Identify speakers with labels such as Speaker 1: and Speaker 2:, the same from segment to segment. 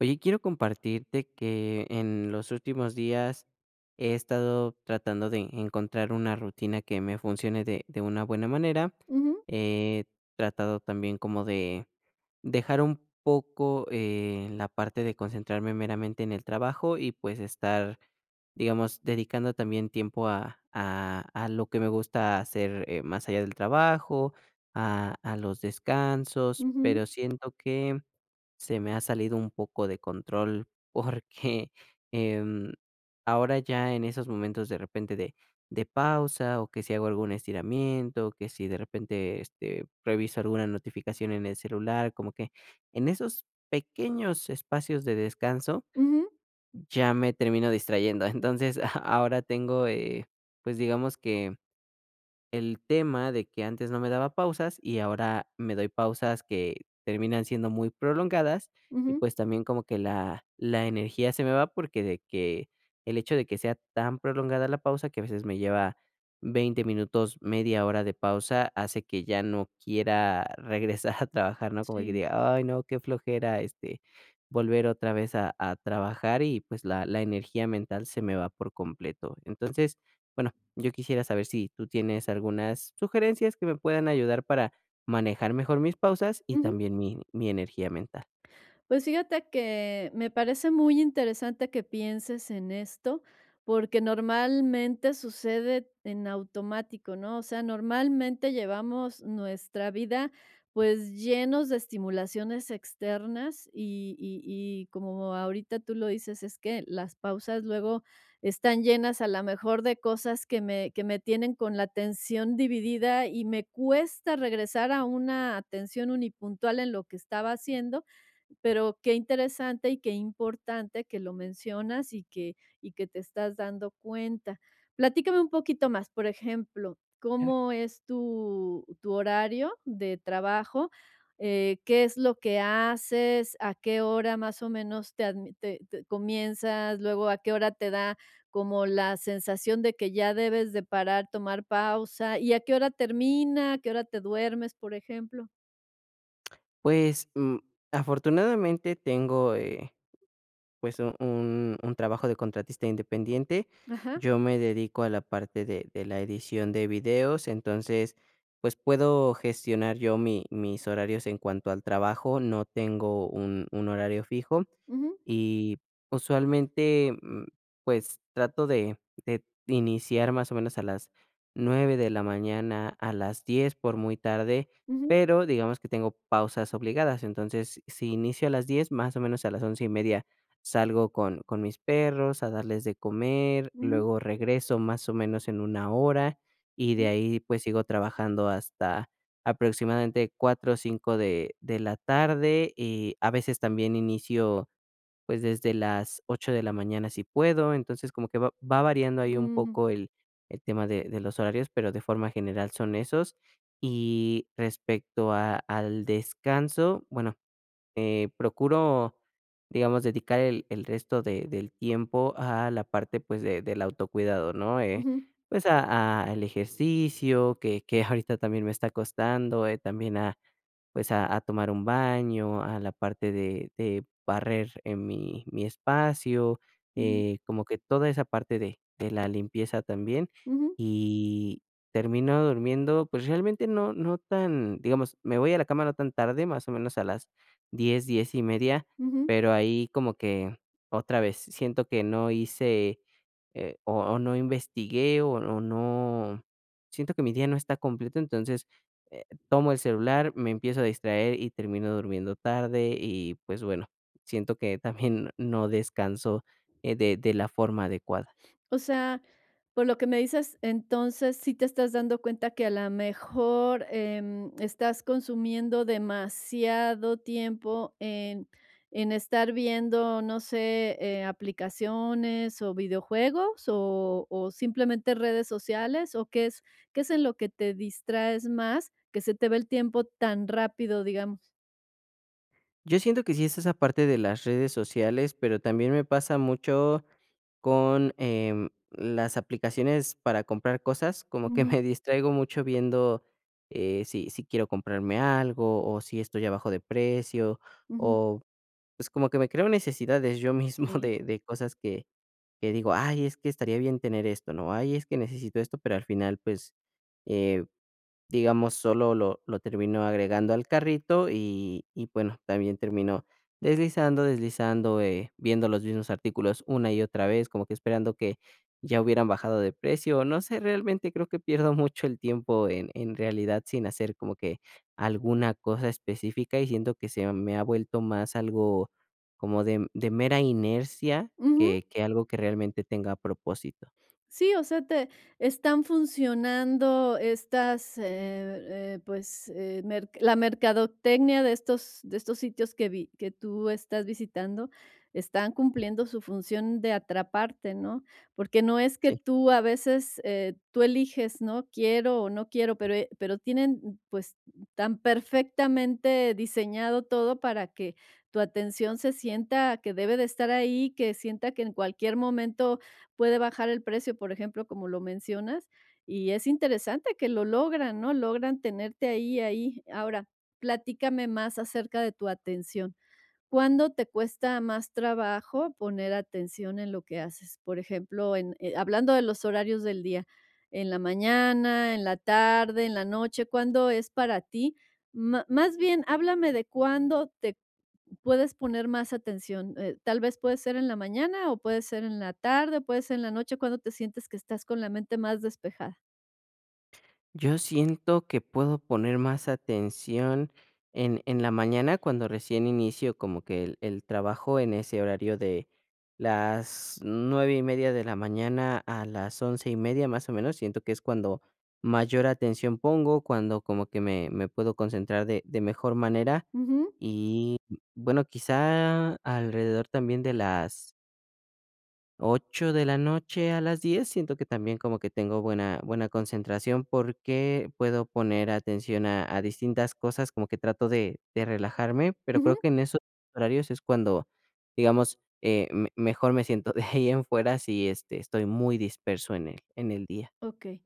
Speaker 1: Oye, quiero compartirte que en los últimos días he estado tratando de encontrar una rutina que me funcione de de una buena manera.
Speaker 2: Ujú.
Speaker 1: He tratado también como de dejar un poco, eh, la parte de concentrarme meramente en el trabajo y, pues, estar, digamos, dedicando también tiempo a a a lo que me gusta hacer más allá del trabajo, a a los descansos, pero
Speaker 2: Ujú.
Speaker 1: siento que se me ha salido un poco de control, porque, em, ahora ya en esos momentos de repente de de pausa o que si hago algún estiramiento, que si de repente, este, reviso alguna notificación en el celular, como que en esos pequeños espacios de descanso
Speaker 2: Ujú.
Speaker 1: ya me termino distrayendo. Entonces, ahora tengo, eh, pues digamos que el tema de que antes no me daba pausas y ahora me doy pausas que terminan siendo muy prolongadas, y
Speaker 2: Ujú.
Speaker 1: pues también como que la la energía se me va porque de que el hecho de que sea tan prolongada la pausa, que a veces me lleva 20 minutos, 1/2 hora de pausa, hace que ya no quiera regresar a trabajar, ¿no? Como que
Speaker 2: Sí.
Speaker 1: diga: "Ay, no, qué flojera", este, volver otra vez a a trabajar y, pues, la la energía mental se me va por completo. Entonces, bueno, yo quisiera saber si tú tienes algunas sugerencias que me puedan ayudar para manejar mejor mis pausas y
Speaker 2: Ujú.
Speaker 1: también mi mi energía mental.
Speaker 2: Pues fíjate que me parece muy interesante que pienses en esto porque normalmente sucede en automático, ¿no? O sea, normalmente llevamos nuestra vida pues llenos de estimulaciones externas y y y como ahorita tú lo dices, es que las pausas luego están llenas a la mejor de cosas que me que me tienen con la atención dividida y me cuesta regresar a una atención unipuntual en lo que estaba haciendo. Pero qué interesante y qué importante que lo mencionas, y que y que te estás dando cuenta. Platícame un poquito más. Por ejemplo,
Speaker 1: Era
Speaker 2: ¿cómo es tu tu horario de trabajo? Eh, ¿qué es lo que haces?¿A qué hora, más o menos, te adm te te comienzas? Luego, ¿a qué hora te da como la sensación de que ya debes de parar, tomar pausa, y a qué hora termina? ¿A qué hora te duermes?, por ejemplo.
Speaker 1: Pues, mm, afortunadamente tengo, eh, pues, u un un trabajo de contratista independiente.
Speaker 2: Ajá.
Speaker 1: Yo me dedico a la parte de de la edición de videos, entonces, pues puedo gestionar yo mi mis horarios en cuanto al trabajo, no tengo un un horario fijo
Speaker 2: Ujú.
Speaker 1: y usualmente, mm, pues trato de de iniciar más o menos a las 9 de la mañana, a las 10 por muy tarde,
Speaker 2: Ujú.
Speaker 1: pero digamos que tengo pausas obligadas. Entonces, si inicio a las 10, más o menos a las 11:30 salgo con con mis perros a darles de comer,
Speaker 2: Ujú.
Speaker 1: luego regreso más o menos en 1 hora, y de
Speaker 2: Mm.
Speaker 1: ahí, pues sigo trabajando hasta aproximadamente 4 o 5 de de la tarde, y a veces también inicio, pues, desde las 8 de la mañana si puedo. Entonces, como que va va variando ahí un
Speaker 2: Mm.
Speaker 1: poco el el tema de de los horarios, pero de forma general son esos. Y respecto a al descanso, bueno, eh, procuro, digamos, dedicar el el resto de del tiempo a la parte, pues, de del autocuidado, ¿no? Eh,
Speaker 2: Ujú.
Speaker 1: pues a a el ejercicio que que ahorita también me está costando, eh, también a, pues a a tomar un baño, a la parte de de barrer en mi mi espacio,
Speaker 2: Ujú.
Speaker 1: eh, como que toda esa parte de de la limpieza también.
Speaker 2: Ujú.
Speaker 1: Y termino durmiendo, pues realmente no no tan digamos, me voy a la cama no tan tarde, más o menos a las 10, 10:30
Speaker 2: Ujú.
Speaker 1: pero ahí como que otra vez, siento que no hice, eh, o no investigué, o o no siento que mi día no está completo. Entonces, eh, tomo el celular, me empiezo a distraer y termino durmiendo tarde, y pues bueno, siento que también no descanso, eh, de de la forma adecuada.
Speaker 2: O sea, por lo que me dices, entonces, ¿sí te estás dando cuenta que a la mejor, em, estás consumiendo demasiado tiempo en en estar viendo, no sé, eh, aplicaciones o videojuegos? ¿O o simplemente redes sociales? ¿O qué es qué es en lo que te distraes más, que se te va el tiempo tan rápido, digamos?
Speaker 1: Yo siento que sí es esa parte de las redes sociales, pero también me pasa mucho con, em, las aplicaciones para comprar cosas, como que
Speaker 2: Ujú.
Speaker 1: me distraigo mucho viendo eh, si si quiero comprarme algo, o si esto ya bajó de precio,
Speaker 2: Ujú.
Speaker 1: o pues como que me creo necesidades yo mismo
Speaker 2: Sí.
Speaker 1: de de cosas que que digo, ay es que estaría bien tener esto, ¿no? Ay es que necesito esto, pero al final, pues, eh, digamos, solo lo lo terminó agregando al carrito y y bueno, también termino deslizando, deslizando, eh, viendo los mismos artículos una y otra vez, como que esperando que ya hubieran bajado de precio. No sé, realmente creo que pierdo mucho el tiempo en en realidad sin hacer como que alguna cosa específica, y siento que se me ha vuelto más algo como de de mera inercia,
Speaker 2: Ujú.
Speaker 1: que que algo que realmente tenga propósito.
Speaker 2: Sí, o sea, te están funcionando estas, eh eh, pues, eh, mer la mercadotecnia de estos de estos sitios que vi que tú estás visitando, están cumpliendo su función de atraparte, ¿no? Porque no es que
Speaker 1: Sí.
Speaker 2: tú a veces, eh, tú eliges, ¿no? Quiero o no quiero, pero, e pero tienen, pues, tan perfectamente diseñado todo para que tu atención se sienta que debe de estar ahí, que sienta que en cualquier momento puede bajar el precio, por ejemplo, como lo mencionas, y es interesante que lo logran, ¿no? Logran tenerte ahí, ahí. Ahora, platícame más acerca de tu atención. ¿Cuándo te cuesta más trabajo poner atención en lo que haces? Por ejemplo, en eh, hablando de los horarios del día, en la mañana, en la tarde, en la noche, ¿cuándo es para ti? Má más bien, háblame de cuándo te puedes poner más atención, eh, tal vez, ¿puede ser en la mañana, o puede ser en la tarde, o puede ser en la noche? ¿Cuándo te sientes que estás con la mente más despejada?
Speaker 1: Yo siento que puedo poner más atención en en la mañana cuando recién inicio como que el el trabajo en ese horario de las 9:30 de la mañana a las 11:30 más o menos, siento que es cuando mayor atención pongo. Cuando como que me me puedo concentrar de de mejor manera,
Speaker 2: Ujú.
Speaker 1: y bueno, quizá alrededor también de las 8 de la noche a las 10, siento que también como que tengo buena buena concentración, porque puedo poner atención a a distintas cosas, como que trato de de relajarme, pero creo
Speaker 2: Ujú.
Speaker 1: que en esos horarios es cuando, digamos, eh, me mejor me siento. De ahí en fuera, sí, este, estoy muy disperso en el en el día.
Speaker 2: Okey.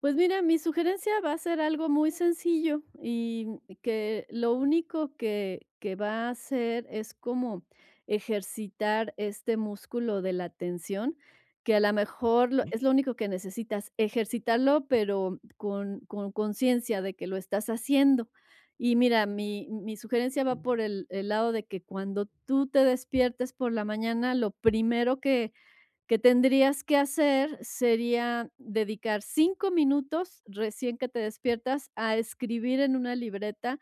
Speaker 2: Pues mira, mi sugerencia va a ser algo muy sencillo y que lo único que que va a hacer es como ejercitar este músculo de la atención, que a la mejor
Speaker 1: Vale.
Speaker 2: es lo único que necesitas, ejercitarlo, pero con con consciencia de que lo estás haciendo. Y mira, mi mi sugerencia va por el el lado de que cuando tú te despiertes por la mañana, lo primero que que tendrías que hacer sería dedicar 5 minutos recién que te despiertas a escribir en una libreta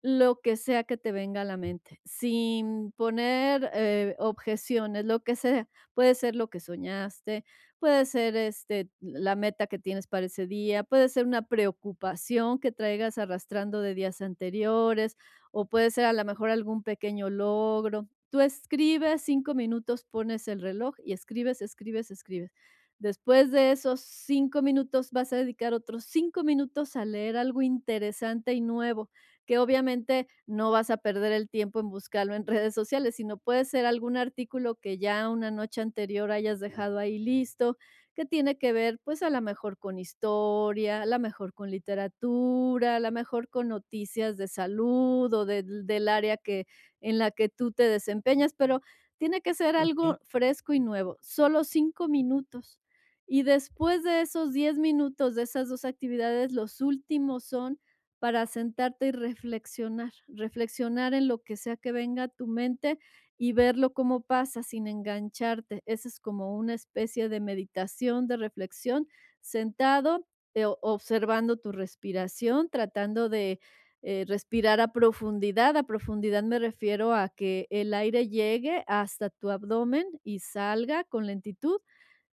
Speaker 2: lo que sea que te venga a la mente. Sin poner, eh, objeciones, lo que sea. Puede ser lo que soñaste, puede ser, este, la meta que tienes para ese día, puede ser una preocupación que traigas arrastrando de días anteriores, o puede ser a la mejor algún pequeño logro. Tú escribes 5 minutos, pones el reloj y escribes, escribes, escribes. Después de esos 5 minutos vas a dedicar otros 5 minutos a leer algo interesante y nuevo, que obviamente no vas a perder el tiempo en buscarlo en redes sociales, sino puede ser algún artículo que ya una noche anterior hayas dejado ahí listo, que tiene que ver, pues, a la mejor con historia, a la mejor con literatura, a la mejor con noticias de salud, o del del del área que en la que tú te desempeñas, pero tiene que ser algo fresco y nuevo, solo 5 minutos. Y después de esos 10 minutos, de esas 2 actividades, los últimos son para sentarte y reflexionar, reflexionar en lo que sea que venga a tu mente y verlo como pasa sin engancharte. Esa es como una especie de meditación, de reflexión, sentado, eh, o observando tu respiración, tratando de, eh, respirar a profundidad. A profundidad me refiero a que el aire llegue hasta tu abdomen y salga con lentitud,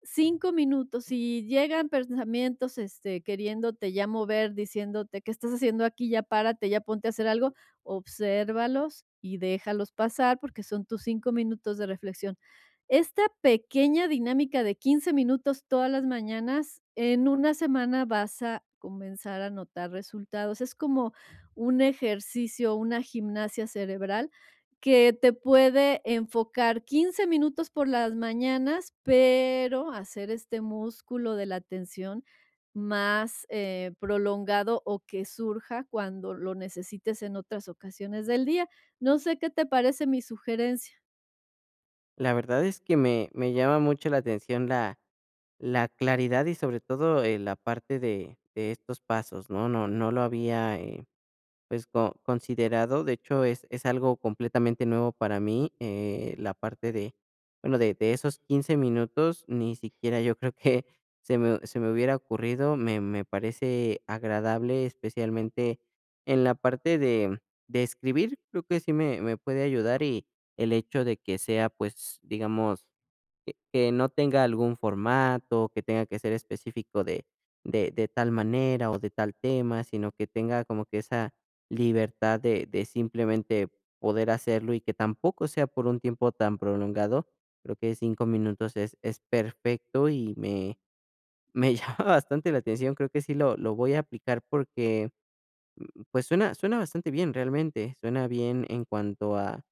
Speaker 2: 5 minutos. Si llegan pensamientos, este, queriéndote ya mover, diciéndote: "¿Qué estás haciendo aquí? Ya párate, ya ponte a hacer algo", obsérvalos y déjalos pasar, porque son tus 5 minutos de reflexión. Esta pequeña dinámica de 15 minutos todas las mañanas, en 1 semana vas a comenzar a notar resultados. Es como un ejercicio, una gimnasia cerebral que te puede enfocar 15 minutos por las mañanas, pero hacer este músculo de la atención más, eh, prolongado o que surja cuando lo necesites en otras ocasiones del día. No sé qué te parece mi sugerencia.
Speaker 1: La verdad es que me me llama mucho la atención la la claridad y, sobre todo, eh, la parte de de estos pasos, ¿no? No no lo había, eh, pues, co considerado. De hecho, es es algo completamente nuevo para mí, eh, la parte de bueno, de de esos 15 minutos, ni siquiera yo creo que se me se me hubiera ocurrido. Me me parece agradable, especialmente en la parte de, mm, de escribir, creo que sí me me puede ayudar, y el hecho de que sea, pues, digamos, e que no tenga algún formato, que tenga que ser específico de de de tal manera o de tal tema, sino que tenga como que esa libertad de de simplemente poder hacerlo, y que tampoco sea por un tiempo tan prolongado, creo que 5 minutos es es perfecto y me me llama bastante la atención. Creo que sí lo lo voy a aplicar porque, mm, pues suena suena bastante bien realmente, suena bien en cuanto a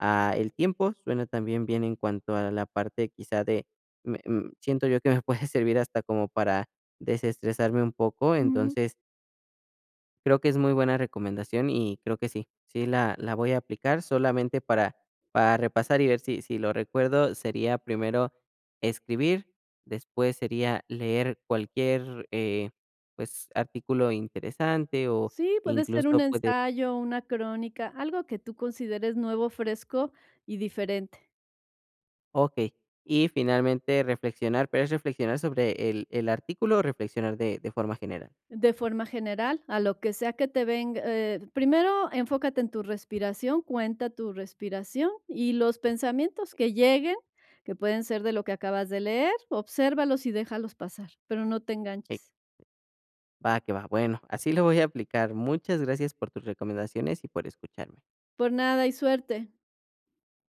Speaker 1: a el tiempo, suena también bien en cuanto a la parte, quizás, de me mm, siento yo que me puede servir hasta como para desestresarme un poco,
Speaker 2: Ujú.
Speaker 1: entonces creo que es muy buena recomendación y creo que sí, sí la la voy a aplicar solamente para para repasar y ver si si lo recuerdo sería primero escribir, después sería leer cualquier, eh, pues, artículo interesante o
Speaker 2: Sí, puede ser un
Speaker 1: incluso, puede
Speaker 2: ensayo, una crónica, algo que tú consideres nuevo, fresco y diferente.
Speaker 1: Okey, y finalmente reflexionar. ¿Pero es reflexionar sobre el el artículo o reflexionar de de forma general?
Speaker 2: De forma general, a lo que sea que te venga, eh, primero enfócate en tu respiración, cuenta tu respiración y los pensamientos que lleguen, que pueden ser de lo que acabas de leer, obsérvalos y déjalos pasar, pero no te enganches.
Speaker 1: Va que va. Bueno, así lo voy a aplicar. Muchas gracias por tus recomendaciones y por escucharme.
Speaker 2: Por nada, y suerte.